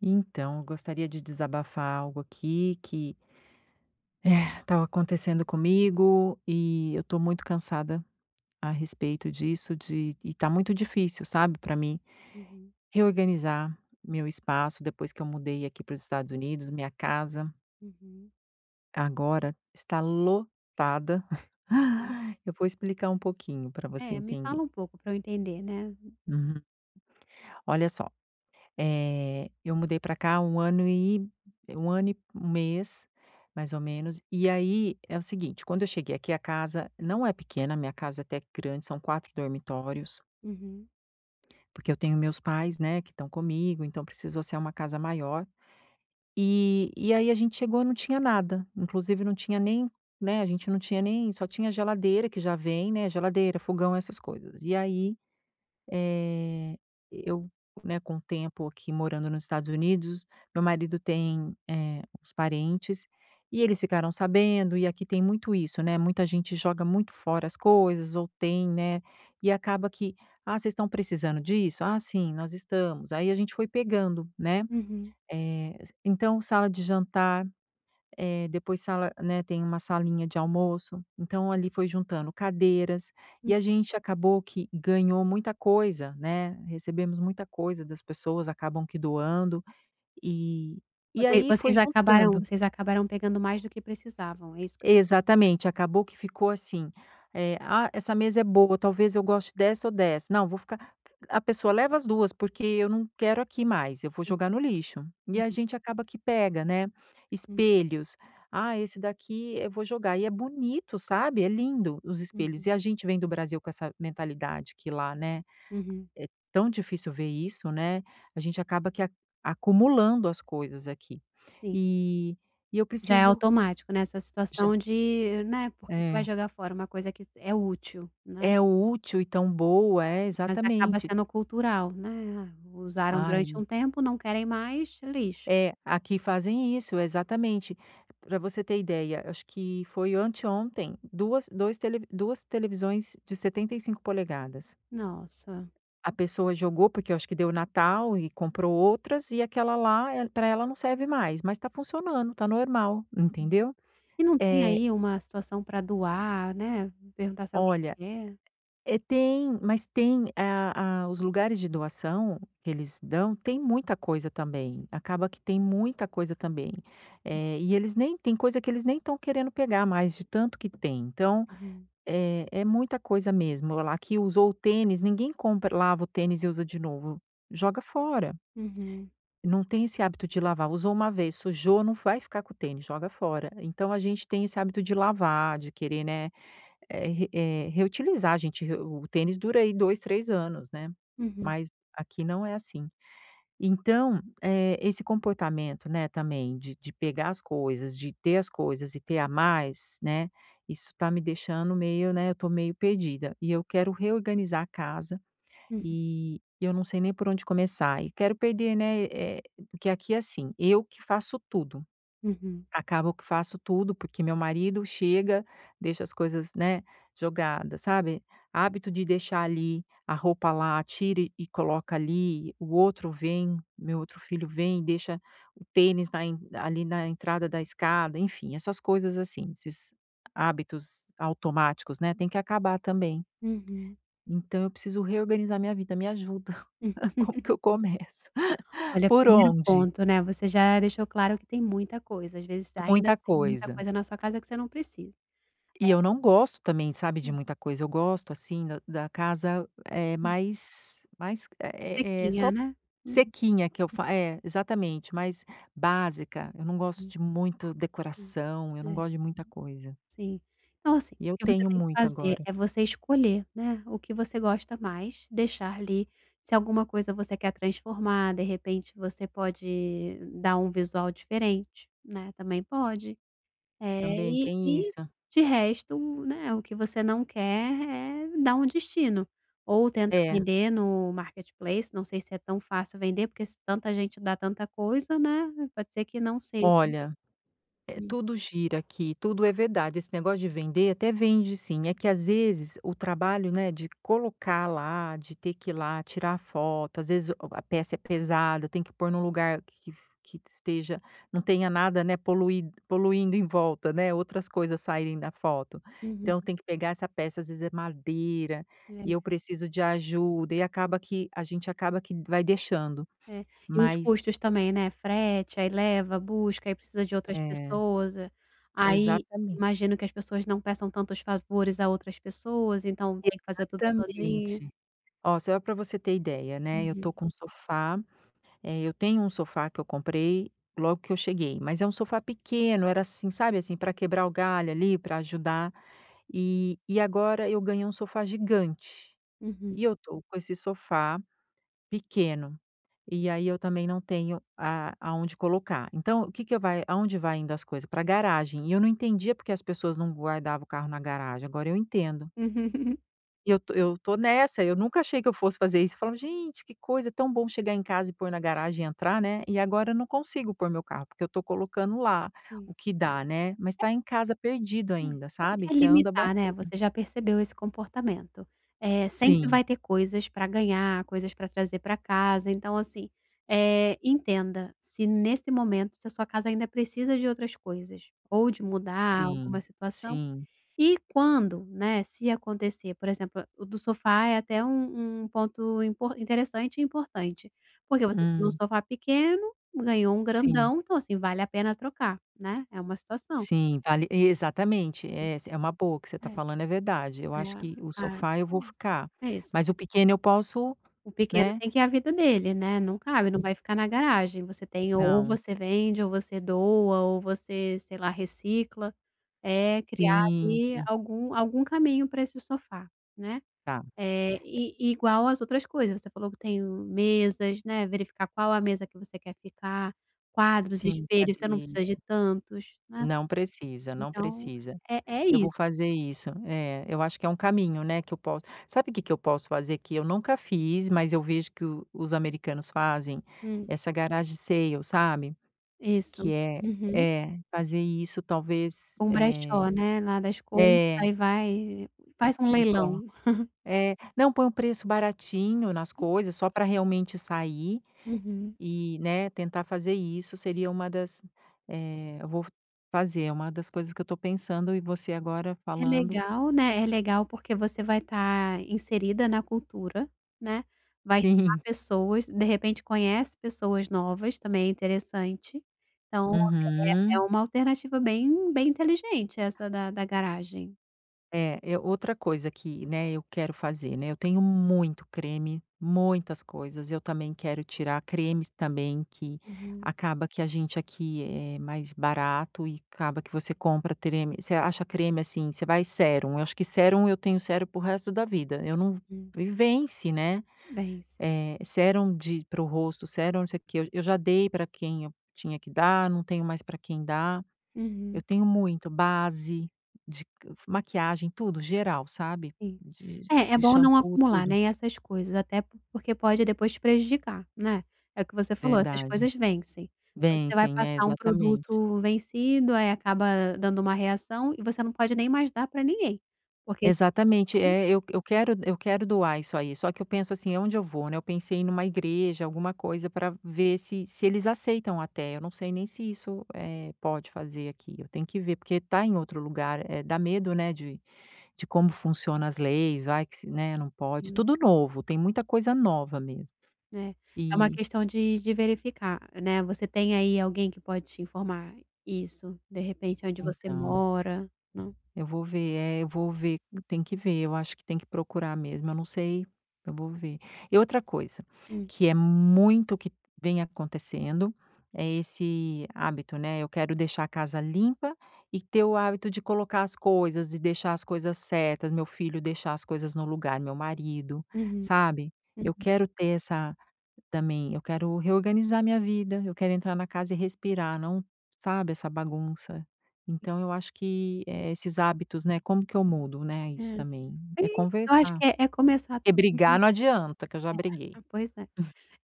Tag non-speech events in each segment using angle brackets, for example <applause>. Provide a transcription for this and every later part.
Então, eu gostaria de desabafar algo aqui que <sighs> estava acontecendo comigo e eu tô muito cansada a respeito disso, de e tá muito difícil, sabe, pra mim Uhum. reorganizar meu espaço, depois que eu mudei aqui para os Estados Unidos, minha casa Uhum. agora está lotada. Hum. <chuckles> Eu vou explicar um pouquinho pra você É, me entender. fala um pouco pra eu entender, né. Uhum. Olha só, eh, eu mudei pra cá há 1 ano e 1 ano e mês, mais ou menos, e aí é o seguinte, quando eu cheguei aqui, a casa não é pequena, minha casa é até que grande, são 4 dormitórios Uhum. porque eu tenho meus pais, né, que tão comigo, então precisou ser uma casa maior. E e aí a gente chegou, não tinha nada, inclusive não tinha nem, né, a gente não tinha nem só tinha geladeira, que já vem, né, geladeira, fogão, essas coisas. E aí, eh, eu, né, com o tempo aqui morando nos Estados Unidos, meu marido tem, eh, os parentes e eles ficaram sabendo e aqui tem muito isso, né, muita gente joga muito fora as coisas ou tem, né, e acaba que: "Ah, vocês estão precisando disso?", "ah, sim, nós estamos", aí a gente foi pegando, né. Uhum. Eh, assim então sala de jantar, eh, depois sala né, tem uma salinha de almoço, então ali foi juntando cadeiras Hum. e a gente acabou que ganhou muita coisa, né, recebemos muita coisa das pessoas, acabam que doando. E e Voc aí vocês foi acabaram juntando. vocês acabaram pegando mais do que precisavam, é isso que Exatamente, acabou que ficou assim, eh, "Ah, essa mesa é boa, talvez eu goste dessa ou dessa. Não, vou ficar" a pessoa: "Leva as 2, porque eu não quero aqui mais, eu vou jogar no lixo". E a Uhum. gente acaba que pega, né. Hum. Espelhos: "Ah, esse daqui eu vou jogar". E é bonito, sabe, é lindo os espelhos. Uhum. E a gente vem do Brasil com essa mentalidade que lá, né, Uhum. é tão difícil ver isso, né. A gente acaba que a acumulando as coisas aqui. Sim. E e eu Já é preciso automático nessa Já. situação de né, por que que vai É. jogar fora uma coisa que s é útil, né? É útil e tão boa. É, Mas acaba exatamente. sendo cultural, né, usaram durante Ai. um tempo, não querem mais, lixo. É, aqui fazem isso. Exatamente. Pra você ter ideia, acho que foi anteontem, 2 2 telev 2 televisões de 75 polegadas. Nossa. A pessoa jogou, porque eu acho que deu Natal e comprou outras e aquela lá, eh, pra ela não serve mais, mas tá funcionando, tá normal, entendeu. E não tem Eh aí uma situação pra doar, né, perguntar se alguém Olha, quer. eh, tem, mas tem a a os lugares de doação que eles dão, tem muita coisa também. Acaba que tem muita coisa também. Eh, e eles nem tem coisa que eles nem tão querendo pegar mais, de tanto que tem. Então, Uhum. eh, é muita coisa mesmo lá aqui usou o tênis, ninguém compra lava o tênis e usa de novo, joga fora. Uhum. Não tem esse hábito de lavar. Usou 1 vez, sujou, não vai ficar com o tênis, joga fora. Então a gente tem esse hábito de lavar, de querer, né, eh, re eh, reutilizar, a gente re o tênis dura aí, 2, 3 anos, né. Uhum. Mas aqui não é assim. Então, eh, esse comportamento, né, também de de pegar as coisas, de ter as coisas e ter a mais, né, isso tá me deixando meio, né, eu tô meio perdida, e eu quero reorganizar a casa Hum. e eu não sei nem por onde começar. E quero perder, né, eh porque aqui é assim, eu que faço tudo, Uhum. acabo que faço tudo, porque meu marido chega, deixa as coisas, né, jogadas, sabe. Hábito de deixar ali, a roupa lá, tira e e coloca ali, o outro vem, meu outro filho vem, deixa o tênis na en ali na entrada da escada, enfim, essas coisas assim, esses hábitos automáticos, né, tem que acabar também. Uhum. Então eu preciso reorganizar minha vida. Me ajuda. <chuckles> Como que <laughs> eu começo? Olha, Por 1º onde? ponto, né, você já deixou claro que tem muita coisa, às vezes ainda Muita tem muita coisa. coisa na sua casa que você não precisa. E eu É não gosto também, sabe, de muita coisa. Eu gosto, assim, da da casa, eh, mais mais eh eh eh, Sequinha, só né. Hum. sequinha que eu fa é, exatamente, mais básica. Eu não gosto Hum. de muito Sim, decoração, eu não é. gosto de muita coisa. Sim. Então assim, o E eu que você tenho tem que muito fazer agora. é você escolher, né, o que você gosta mais, deixar li. Se alguma coisa você quer transformar, de repente, você pode dar um visual diferente, né, também pode. Eh, Também e tem e, isso. de resto, né, o que você não quer, é dar um destino. Ou tenta É. vender no marketplace, não sei se é tão fácil vender, porque se tanta gente dá tanta coisa, né, pode ser que não seja. Olha, eh, Hum. tudo gira aqui, tudo é verdade, esse negócio de vender, até vende sim, é que às vezes, o trabalho, né, de colocar lá, de ter que ir lá, tirar foto, às vezes o a peça é pesada, tem que pôr num lugar que f que esteja não tenha nada, né, polui poluindo em volta, né, outras coisas saírem da foto. Uhum. Então tem que pegar essa peça, às vezes é madeira e É. eu preciso de ajuda, e acaba que a gente acaba que vai deixando. É, e os Mas custos também, né, frete, aí leva, busca, aí precisa de outras É. pessoas, eh. Aí Exatamen imagino que as pessoas não peçam tantos favores a outras pessoas, então tem que fazer tudo sozinha. Exatamente. Ó, só pra você ter ideia, né, eu tô Uhum. com um sofá, eh, eu tenho um sofá que eu comprei logo que eu cheguei, mas é um sofá pequeno, era assim, sabe, assim, pra quebrar o galho ali, pra ajudar. E e agora eu ganhei um sofá gigante Uhum. e eu tô com esse sofá pequeno. E aí eu também não tenho a aonde colocar, então o que que eu vai aonde vai indo as coisas? Pra garagem, e eu não entendia por que as pessoas não guardava o carro na garagem, agora eu entendo. <chuckles> Eu tô eu tô nessa, eu nunca achei que eu fosse fazer isso, eu falava: "Gente, que coisa, é tão bom chegar em casa e pôr na garagem e entrar, né." E agora eu não consigo pôr meu carro, porque eu tô colocando lá Hum. o que dá, né. Mas tá em casa perdido É, é ainda, sabe, é você anda limitar, né, batendo. você já percebeu esse comportamento. Eh, sempre Sim. vai ter coisas pra ganhar, coisas pra trazer pra casa, então assim, eh, entenda, se nesse momento, se a sua casa ainda precisa de outras coisas ou de mudar alguma Sim, situação, sim. e quando, né, se acontecer, por exemplo, o do sofá é até um um ponto impor interessante e importante, porque você tinha um Hum. sofá pequeno, ganhou um Sim. grandão, então assim, vale a pena trocar, né, é uma situação. Sim, vale exatamente. É essa é uma boa, o que você tá Aí falando é verdade. Eu É. É acho a que o ai sofá, eu vou hum. ficar, É isso. mas o pequeno eu posso, O pequeno né tem que a vida dele, né, não cabe, não vai ficar na garagem, você tem o ou Não. você vende, ou você doa, ou você, sei lá, recicla. É criar Sim, ali sim. algum algum caminho pra esse sofá, né. Tá. Eh, e i igual as outras coisas, você falou que tem o mesas, né, verificar qual a mesa que você quer ficar. Quadros, Sim, espelhos, você não cadeira. precisa de tantos, né. Não precisa, não Então precisa. é é Eu isso. vou fazer isso. É, eu acho que é um caminho, né, que eu posso sabe que que eu posso fazer, que eu nunca fiz, mas eu vejo que o os americanos fazem? Hum. Essa garage sale, sabe. Isso. Que é Uhum. é, fazer isso talvez, Um brechó, eh né, lá das coisas, É. aí vai e faz um E cola leilão. <chuckles> é. Não, põe um preço baratinho nas coisas só pra realmente sair, Uhum. e, né, tentar fazer isso seria uma das eh, eu vou fazer, é uma das coisas que eu tô pensando e você agora É falando legal, né, é legal, porque você vai tá inserida na cultura, né. Vai chamar Sim. pessoas, de repente, conhece pessoas novas, também é interessante. Então é é é Uhum. uma alternativa bem bem inteligente essa da da garagem. É, eu outra coisa que, né, eu quero fazer, né. Eu tenho muito creme, muitas coisas, eu também quero tirar cremes também, que Uhum. acaba que a gente aqui, eh, mais barato e acaba que você compra treme você acha creme, assim, você vai sérum. Eu acho que sérum eu tenho sérum pro resto da vida, eu não v Hum. e vence, né, Vence. eh, sérum de para o rosto, sérum não sei o quê, eu eu já dei pra quem eu tinha que dar, não tenho mais pra quem dar. Eu Uhum. tenho muito, base de c f maquiagem, tudo, geral, sabe. Sim. De É é de bom não xampu, acumular, tudo. né, e essas coisas, até por porque pode depois te prejudicar, né. É o que você falou, essas Verdade. coisas vencem, você vai Vencem, é, passar um exatamente. produto vencido, aí acaba dando uma reação e você não pode nem mais dar pra ninguém, porque Exatamente, se é, eu eu quero eu quero doar isso aí, só que eu penso assim: "Aonde eu vou, né?" Eu pensei numa igreja, alguma coisa pra ver se se eles aceitam até, eu não sei nem se isso, eh, pode fazer aqui. Eu tenho que ver, porque tá em outro lugar, eh, dá medo, né, de de como funciona as leis, vai que se, né, não pode. Sim. Tudo novo, tem muita coisa nova mesmo, Né, é uma e questão de de verificar, né, você tem aí alguém que pode te informar isso, de repente aonde você Então. mora, não? Eu vou ver é, eu vou ver. Tem que ver, eu acho que tem que procurar mesmo, eu não sei eu vou ver. E outra coisa, Hum. que é muito o que vem acontecendo, é esse hábito, né. Eu quero deixar a casa limpa e ter o hábito de colocar as coisas e deixar as coisas certas, meu filho deixar as coisas no lugar, o meu marido, Uhum. sabe, eu Uhum. quero ter essa, também. Eu quero reorganizar minha vida, eu quero entrar na casa e respirar, não, sabe, essa bagunça. Então eu acho que, eh, esses hábitos, né, como que eu mudo, né, É, isso também. É aí, eu acho conversar. que é é começar Porque também brigar não adianta, que eu já briguei. é, pois é.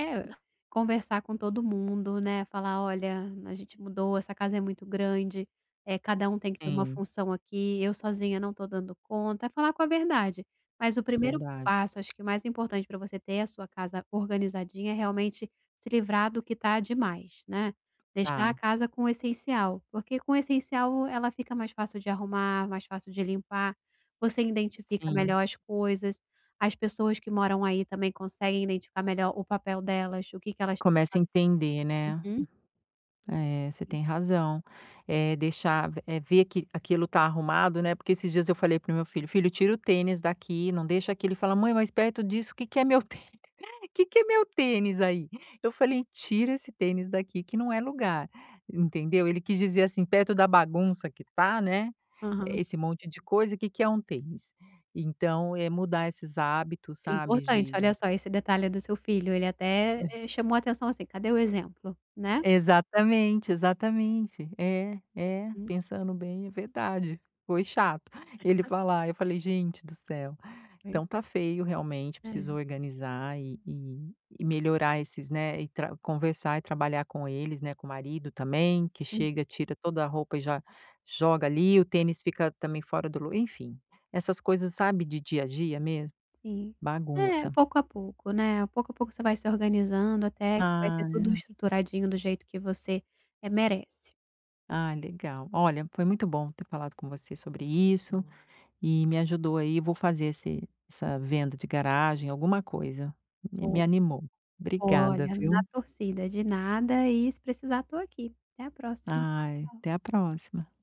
É, <chuckles> conversar com todo mundo, né, falar: "Olha, a gente mudou, essa casa é muito grande, eh, cada um tem que ter uma Sim. função aqui, eu sozinha não estou dando conta." É falar com a verdade, mas o 1° Verdade. passo, acho que o mais importante pra você ter a sua casa organizadinha, é realmente se livrar do que tá demais, né. Deixar a Tá. casa com o essencial, porque com o essencial ela fica mais fácil de arrumar, mais fácil de limpar, você identifica Sim. melhor as coisas, as pessoas que moram aí também conseguem identificar melhor o papel delas, o que que elas têm que Começa a entender, fazer né. uhum. É, você tem razão, eh, deixar v eh, ver que aquilo tá arrumado, né, porque esses dias eu falei para meu filho: "Filho, tira o tênis daqui, não deixa aqui." Ele fala: "Mãe, mas perto disso, que que é meu tênis? Que que é meu tênis aí?". Eu falei: "Tira esse tênis daqui, que não é lugar, entendeu." Ele quis dizer assim, perto da bagunça que tá, né, Aham. esse monte de coisa, que que é um tênis? Então, é mudar esses hábitos, É sabe, importante, de olha de só esse detalhe do seu filho, ele até, eh, chamou a atenção assim: "Cadê o exemplo", né? Exatamente, exatamente. É, é, Hum. pensando bem, é verdade, foi chato ele <unintelligible> falar, eu falei: "Gente do céu." Aí. Então, tá feio realmente, É. preciso organizar e e e melhorar esses, né, e tra conversar e trabalhar com eles, né, com o marido também, que Hum. chega, tira toda a roupa e já joga ali, o tênis fica também fora do lu enfim, essas coisas, sabe, de dia a dia mesmo. Sim. É, Bagunça. pouco a pouco, né, pouco a pouco, você vai se organizando, até que vai ser tudo Ah. estruturadinho do jeito que você, eh, merece. Ai, legal. Olha, foi muito bom ter falado com você sobre isso e me ajudou aí, vou fazer esse essa venda de garagem, alguma coisa. Me me Boa. animou, obrigada, Olha, na viu. torcida, de nada, e se precisar, estou aqui. Até a próxima. Ai, Tchau, tchau. até a próxima.